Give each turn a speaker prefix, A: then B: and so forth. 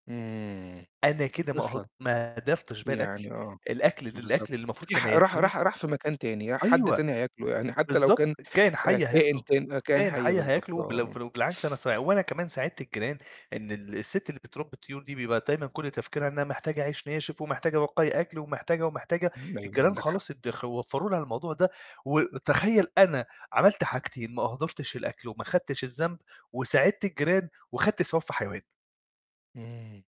A: آمم،
B: أنا كده ما اهد
A: أصلًا.
B: ما أهدرتش باقي الأكل،
A: يعني آه،
B: الأكل
A: بالضبط.
B: الأكل اللي المفروض
A: في ح
B: كان
A: راح
B: هيترمي
A: راح راح في مكان تاني، ي حد
B: أيوه.
A: تاني هياكله، يعني حتى لو
B: بالضبط،
A: كان
B: كائن حي
A: كائن
B: هياكله،
A: كان كائن
B: كائن
A: حي
B: حي
A: بالضبط
B: هياكله بلو
A: آه.
B: فلو بالعكس أنا سا وأنا كمان ساعدت الجيران إن ال الست اللي بترّبي الطيور دي بيبقى دايمًا كُلّ تفكيرها إنها محتاجة عيش ناشف، ومحتاجة بواقي أكل، ومحتاجة ومحتاجة.
A: أيوه،
B: الجيران
A: عندك حق.
B: خلاص ادخ ووفروا لها الموضوع ده، وتخيل أنا عملت حاجتين ما أهدرتش الأكل، وما خدتش الذنب، وساعدت الجيران، وخدت ثواب في حيوان.
A: امم.